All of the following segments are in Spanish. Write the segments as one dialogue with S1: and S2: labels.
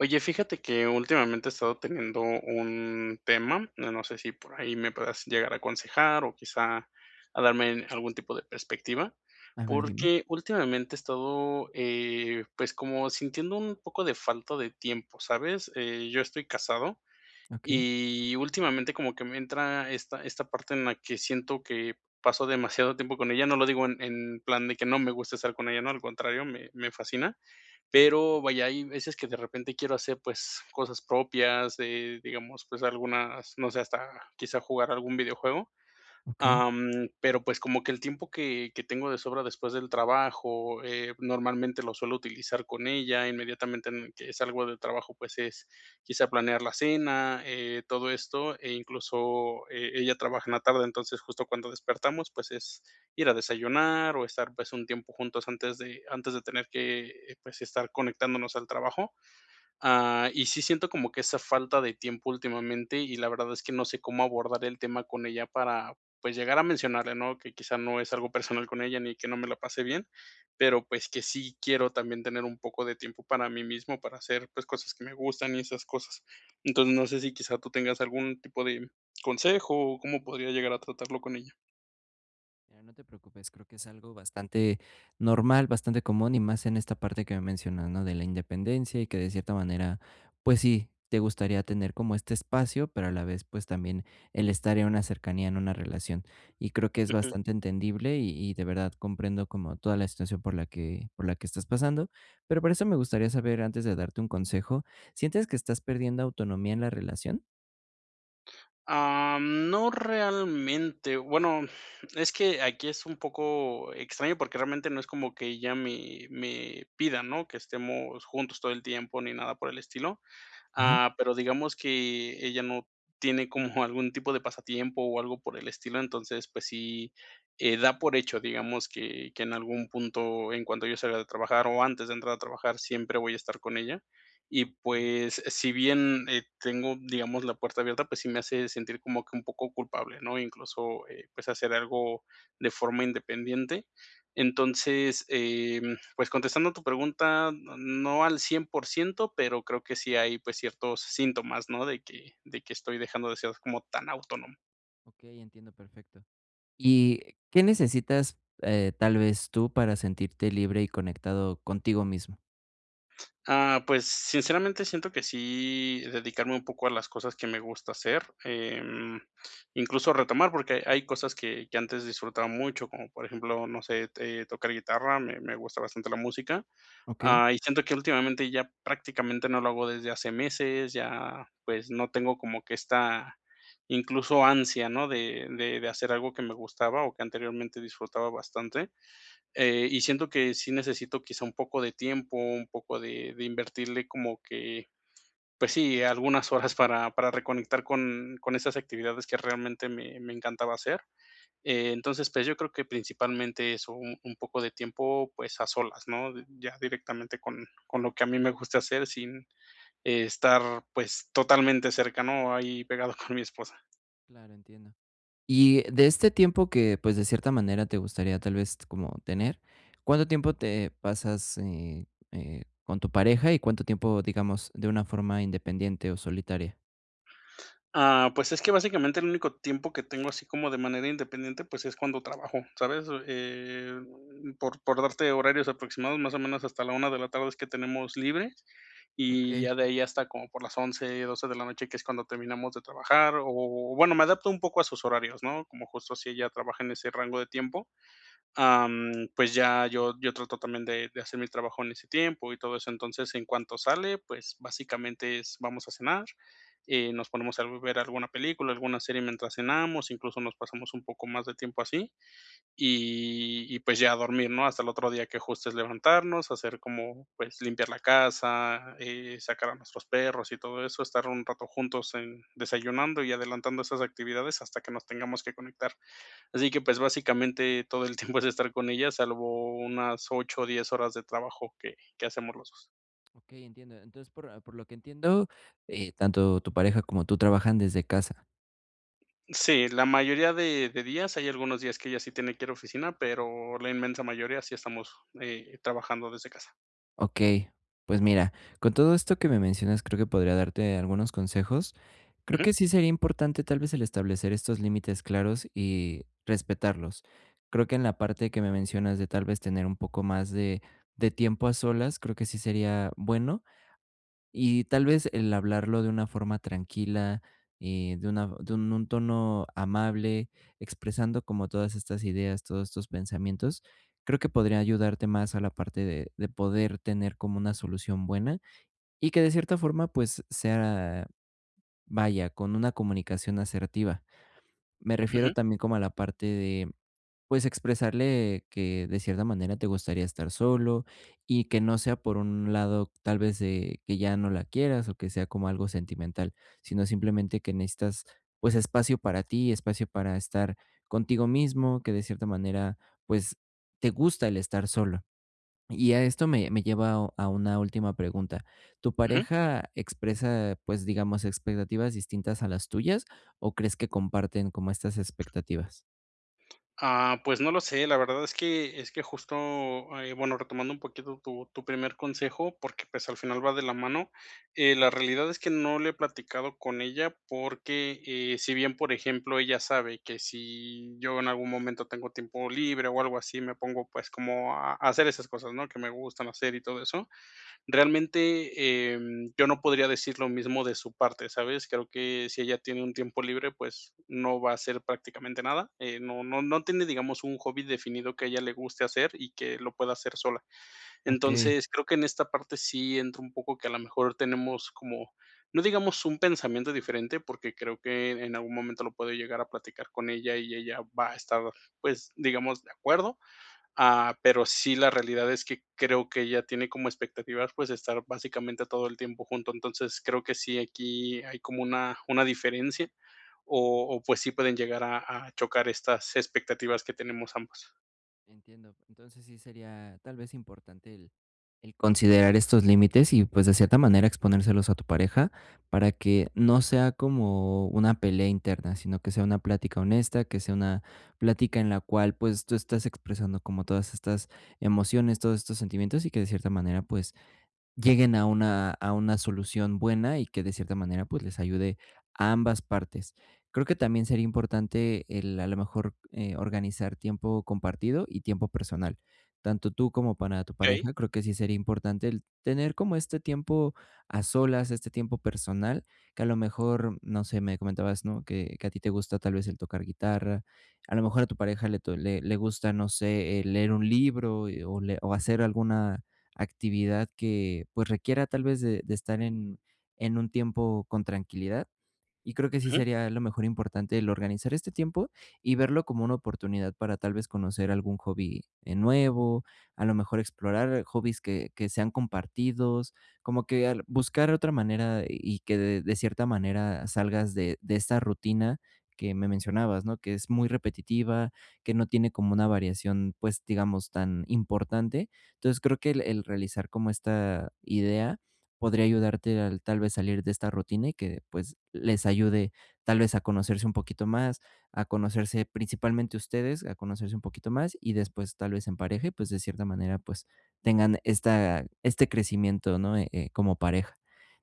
S1: Oye, fíjate que últimamente he estado teniendo un tema, no no sé si por ahí me puedas llegar a aconsejar o quizá a darme algún tipo de perspectiva,
S2: A ver, dime.
S1: porque últimamente he estado, eh, pues, como sintiendo un poco de falta de tiempo, ¿sabes? Eh, yo estoy casado,
S2: Okey.
S1: y últimamente como que me entra esta esta parte en la que siento que paso demasiado tiempo con ella, no lo digo en en plan de que no me gusta estar con ella, ¿no?, al contrario, me me fascina. Pero, vaya, hay veces que de repente quiero hacer, pues, cosas propias, eh, digamos, pues, algunas, no sé, hasta quizá jugar algún videojuego,
S2: Okey.
S1: am, pero, pues, como que el tiempo que que tengo de sobra después del trabajo, eh, normalmente lo suelo utilizar con ella, inmediatamente en que salgo de trabajo, pues, es quizá planear la cena, eh, todo esto, e incluso e ella trabaja en la tarde, entonces, justo cuando despertamos, pues, es ir a desayunar o estar, pues, un tiempo juntos antes de antes de tener que, eh, pues, estar conectándonos al trabajo, ah, y sí siento como que esa falta de tiempo últimamente, y la verdad es que no sé cómo abordar el tema con ella para, pues, llegar a mencionarle, ¿no?, que quizá no es algo personal con ella ni que no me la pase bien, pero pues que sí quiero también tener un poco de tiempo para mí mismo, para hacer pues cosas que me gustan y esas cosas. Entonces no sé si quizá tú tengas algún tipo de consejo o cómo podría llegar a tratarlo con ella.
S2: Ya, no te preocupes, creo que es algo bastante normal, bastante común y más en esta parte que me mencionas, ¿no?, de la independencia y que de cierta manera, pues sí, te gustaría tener como este espacio, pero a la vez, pues también el estar en una cercanía en una relación y creo que es
S1: Ujú.
S2: bastante entendible y y de verdad comprendo como toda la situación por la que por la que estás pasando, pero por eso me gustaría saber antes de darte un consejo, ¿sientes que estás perdiendo autonomía en la relación?
S1: Ah, no realmente, bueno, es que aquí es un poco extraño, porque realmente no es como que ella me me pida, ¿no?, que estemos juntos todo el tiempo ni nada por el estilo,
S2: Ajá.
S1: ah, pero digamos que ella no tiene como algún tipo de pasatiempo o algo por el estilo, entonces, pues sí, eh, da por hecho, digamos que que en algún punto, en cuanto yo salga de trabajar o antes de entrar a trabajar, siempre voy a estar con ella y
S2: Okey.
S1: pues, si bien ,eh, tengo, digamos, la puerta abierta, pues sí me hace sentir como que un poco culpable, ¿no? Incluso, eh, pues, hacer algo de forma independiente. Entonces, em, pues contestando tu pregunta, no no al 100%, pero creo sí hay, pues ciertos síntomas, ¿no? De que de que estoy dejando de ser como tan autónomo.
S2: Okey, entiendo perfecto, ¿y qué necesitas, eh, tal vez tú para sentirte libre y conectado contigo mismo?
S1: Ah, pues, sinceramente siento que sí dedicarme un poco a las cosas que me gusta hacer, em, incluso retomar, porque hay cosas que que antes disfrutaba mucho, como por ejemplo, no sé t eh, tocar guitarra, me me gusta bastante la música,
S2: Okey.
S1: ah, y siento que últimamente ya prácticamente no lo hago desde hace meses, ya, pues, no tengo como que esta, incluso, ansia, ¿no?, de de de hacer algo que me gustaba o que anteriormente disfrutaba bastante. Eh, y siento que sí necesito quizá un poco de tiempo, un poco de de invertirle como que, pues sí, algunas horas para para reconectar con con esas actividades que realmente me me encantaba hacer. Entonces, pues, yo creo que principalmente eso, u un poco de tiempo, pues, a solas, ¿no?, d ya directamente con con lo que a mí me gusta hacer, sin estar, pues, totalmente cercano, ahí pegado con mi esposa.
S2: Claro, entiendo. Y de este tiempo que, pues, de cierta manera te gustaría, tal vez t como tener, ¿cuánto tiempo te pasas, eh, eh, con tu pareja y cuánto tiempo, digamos, de una forma independiente o solitaria?
S1: Ah, pues, es que básicamente el único tiempo que tengo así como de manera independiente, pues, es cuando trabajo, ¿sabes? Eh, por por darte horarios aproximados, más o menos, hasta la 1 de la tarde es que tenemos libre, y
S2: Okey.
S1: ya de ahí hasta como por las 11, 12 de la noche, que es cuando terminamos de trabajar o bueno, me adapto un poco a sus horarios, ¿no?, como justo si ella trabaja en ese rango de tiempo. Ah, mm, pues, ya yo yo trato también de de hacer mi trabajo en ese tiempo y todo eso. Entonces, en cuanto sale, pues, básicamente es vamos a cenar, eh, nos ponemos a ver alguna película, alguna serie mientras cenamos, incluso, nos pasamos un poco más de tiempo así, y, y pues ya a dormir, ¿no? Hasta el otro día que, justo, es levantarnos, hacer como, pues, limpiar la casa eh, sacar a nuestros perros y todo eso. Estar un rato juntos en desayunando y adelantando esas actividades hasta que nos tengamos que conectar. Así que, pues, básicamente, todo el tiempo es estar con ella, salvo unas 8 o 10 horas de trabajo que que hacemos los 2.
S2: Okey, entiendo. Entonces, por por lo que entiendo, eh, tanto tu pareja como tú trabajan desde casa.
S1: Sí, la mayoría de de días, hay algunos días que ella sí tiene que ir oficina, pero la inmensa mayoría sí estamos, eh, trabajando desde casa.
S2: Okey, pues, mira, con todo esto que me mencionas, creo que podría darte algunos consejos. Creo
S1: Ujú.
S2: que sí sería importante, tal vez, el establecer estos límites claros y respetarlos. Creo que en la parte que me mencionas de, tal vez, tener un poco más de de tiempo a solas, creo que sí sería bueno. Y, tal vez, el hablarlo de una forma tranquila, eh, de una de un un tono amable, expresando como todas estas ideas, todos estos pensamientos, creo que podría ayudarte más a la parte de de poder tener como una solución buena, y que, de cierta forma, pues sea, vaya, con una comunicación asertiva. Me refiero
S1: Ujú.
S2: también como a la parte de, pues, expresarle que, de cierta manera, te gustaría estar solo y que no sea por un lado, tal vez, de que ya no la quieras, o que sea como algo sentimental, sino simplemente que necesitas, pues, espacio para ti, espacio para estar contigo mismo, que de cierta manera, pues, te gusta el estar solo. Y a esto me me lleva a una última pregunta, ¿tu
S1: Ujú.
S2: pareja expresa, pues, digamos, expectativas distintas a las tuyas, o crees que comparten como estas expectativas?
S1: Ah, pues no lo sé, la verdad es que es que justo, eh, bueno, retomando un poquito tu tu primer consejo, porque, pues, al final va de la mano. Eh, la realidad es que no lo he platicado con ella porque, eh, si bien, por ejemplo, ella sabe que si yo en algún momento tengo tiempo libre o algo así, me pongo, pues, como a a hacer esas cosas, ¿no?, que me gustan hacer y todo eso. Realmente, em, yo no podría decir lo mismo de su parte, ¿sabes? Creo que si ella tiene un tiempo libre, pues, no va a hacer prácticamente nada. Eh, no no no tiene, digamos, un hobby definido que a ella le guste hacer y que lo pueda hacer sola.
S2: Okey.
S1: Entonces, creo que en esta parte sí entra un poco que a la mejor tenemos como, no digamos, un pensamiento diferente, porque creo que en algún momento lo puedo llegar a platicar con ella y ella va a estar, pues, digamos, de acuerdo. Ah, pero sí, la realidad es que creo que ella tiene como expectativas, pues, estar básicamente todo el tiempo juntos. Entonces, creo que sí, aquí hay como una una diferencia o o, pues, sí pueden llegar a a chocar estas expectativas que tenemos ambos.
S2: Entiendo. Entonces, sí sería, tal vez, importante el el considerar estos límites y, pues, de cierta manera, exponérselos a tu pareja para que no sea como una pelea interna, sino que sea una plática honesta, que sea una plática en la cual, pues, tú estás expresando como todas estas emociones, todos estos sentimientos y que, de cierta manera, pues lleguen a una a una solución buena y que de cierta manera, pues, les ayude a ambas partes. Creo que también sería importante el, a lo mejor, eh, organizar tiempo compartido y tiempo personal, tanto tú como para tu
S1: Okey.
S2: pareja, creo que sí sería importante el tener como este tiempo a solas, este tiempo personal, que a lo mejor, no sé, me comentabas, ¿no?, que que a ti te gusta tal vez el tocar guitarra, a lo mejor a tu pareja le to le le gusta, no sé, eh, leer un libro y o le o hacer alguna actividad que, pues requiera, tal vez, de de estar en en un tiempo con tranquilidad. Y creo que sí
S1: Ujú.
S2: sería a lo mejor importante el organizar este tiempo y verlo como una oportunidad para, tal vez, conocer algún hobby, eh, nuevo, a lo mejor explorar hobbies que que sean compartidos, como que el buscar otra manera y que de de cierta manera salgas de de esa rutina que me mencionabas, ¿no?, que es muy repetitiva, que no tiene como una variación, pues, digamos, tan importante. Entonces, creo que el el realizar como esta idea podría ayudarte al tal vez, salir de esta rutina y que, pues, les ayude, tal vez, a conocerse un poquito más, a conocerse principalmente ustedes, a conocerse un poquito más, y después, tal vez, en pareja y, pues, de cierta manera, pues, tengan esta este crecimiento, ¿no?, eh, eh, como pareja.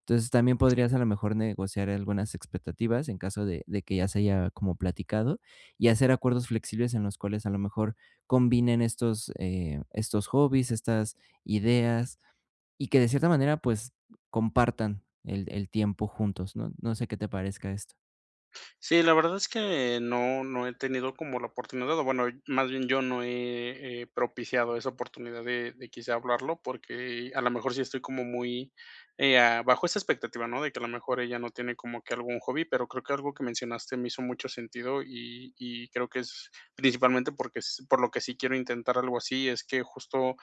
S2: Entonces, también
S1: Sí.
S2: podrías, a lo mejor, negociar algunas expectativas en caso de de que ya se haya como platicado y hacer acuerdos flexibles en los cuales, a lo mejor, combinen estos, eh, estos hobbies, estas ideas y que de cierta manera, pues, compartan el el tiempo juntos, ¿no? No sé, ¿qué te parezca esto?
S1: Sí, la verdad es que no no he tenido como la oportunidad, o bueno, más bien yo no he he propiciado esa oportunidad de de quizá hablarlo, porque a la mejor sí estoy como muy, eh, ah, bajo esa expectativa, ¿no?, de que a lo mejor ella no tiene como que algún hobby, pero creo que algo que mencionaste me hizo mucho sentido y y creo que es principalmente porque es por lo que sí quiero intentar algo así, es que justo,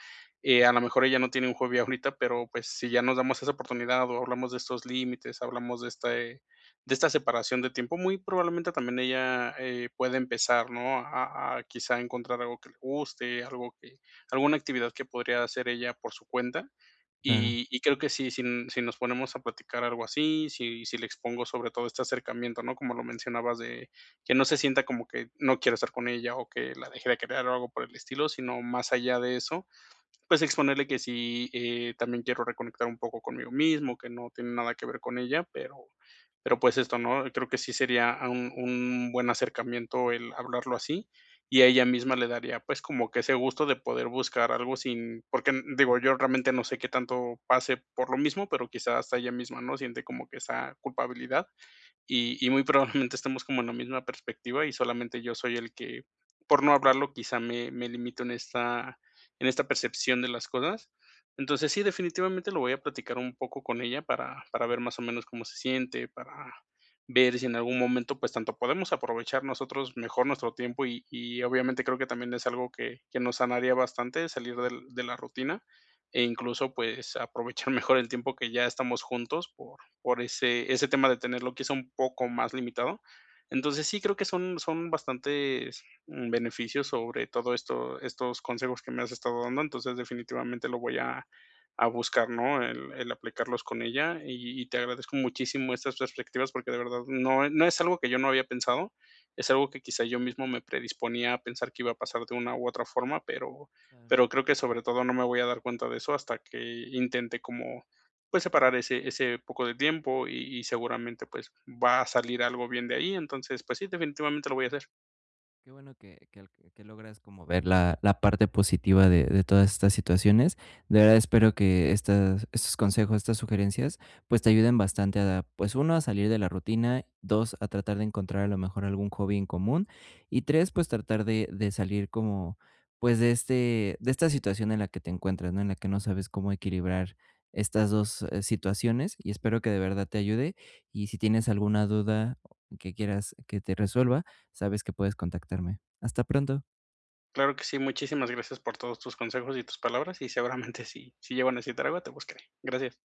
S1: eh, a la mejor ella no tiene un hobby ahorita, pero, pues, si ya nos damos esa oportunidad o hablamos de estos límites, hablamos de este de esta separación de tiempo, muy probablemente también ella, eh, pueda empezar, ¿no?, a a quizá encontrar algo que le guste, algo que alguna actividad que podría hacer ella por su cuenta.
S2: Claro.
S1: Y y creo que si sin si nos ponemos a platicar algo así, si si le expongo sobre todo este acercamiento, ¿no?, como lo mencionabas, de que no se sienta como que no quiero estar con ella o que la deje de querer o algo por el estilo, sino más allá de eso, pues, exponerle que sí, eh, también quiero reconectar un poco conmigo mismo, que no tiene nada que ver con ella, pero pero, pues, esto, ¿no? Creo que sí sería un un buen acercamiento el hablarlo así, y a ella misma le daría, pues, como que ese gusto de poder buscar algo sin porque, mm, digo, yo realmente no sé qué tanto pase por lo mismo, pero, quizá, hasta ella misma, ¿no?, siente como que esa culpabilidad,
S2: Claro.
S1: y y muy probablemente estemos como en la misma perspectiva, y solamente yo soy el que, por no hablarlo, quizá me me limito en esta en esta percepción de las cosas. Entonces, sí, definitivamente lo voy a platicar un poco con ella para para ver más o menos cómo se siente, para ver si en algún momento, pues, tanto podemos aprovechar nosotros mejor nuestro tiempo y y obviamente creo que también es algo que que nos sanaría bastante, salir del de la rutina, e incluso, pues, aprovechar mejor el tiempo que ya estamos juntos por por ese ese tema de tenerlo, que es un poco más limitado. Entonces, sí creo que son son bastantes, mm, beneficios, sobre todo esto estos consejos que me has estado dando. Entonces, definitivamente lo voy a a buscar, ¿no?, el el aplicarlos con ella, y y te agradezco muchísimo estas perspectivas porque de verdad no e no es algo que yo no había pensado, es algo que quizá yo mismo me predisponía a pensar que iba a pasar de una u otra forma, pero
S2: Claro.
S1: pero creo que sobre todo, no me voy a dar cuenta de eso hasta que intente como, pues, separar ese ese poco de tiempo y y seguramente, pues, va a salir algo bien de ahí. Entonces, pues sí, definitivamente lo voy a hacer.
S2: Qué bueno que que al que logras como ver la la parte positiva de de todas estas situaciones. De verdad espero que estas estos consejos, estas sugerencias, pues te ayuden bastante a, pues 1, a salir de la rutina, 2, a tratar de encontrar a lo mejor algún hobby en común y 3, pues tratar de de salir como, pues de este de esta situación en la que te encuentras, ¿no?, en la que no sabes cómo equilibrar estas 2 situaciones, y espero que de verdad te ayude. Y si tienes alguna duda que quieras que te resuelva, sabes que puedes contactarme. Hasta pronto.
S1: Claro que sí, muchísimas gracias por todos tus consejos y tus palabras y seguramente si si llego a necesitar algo te buscaré. Gracias.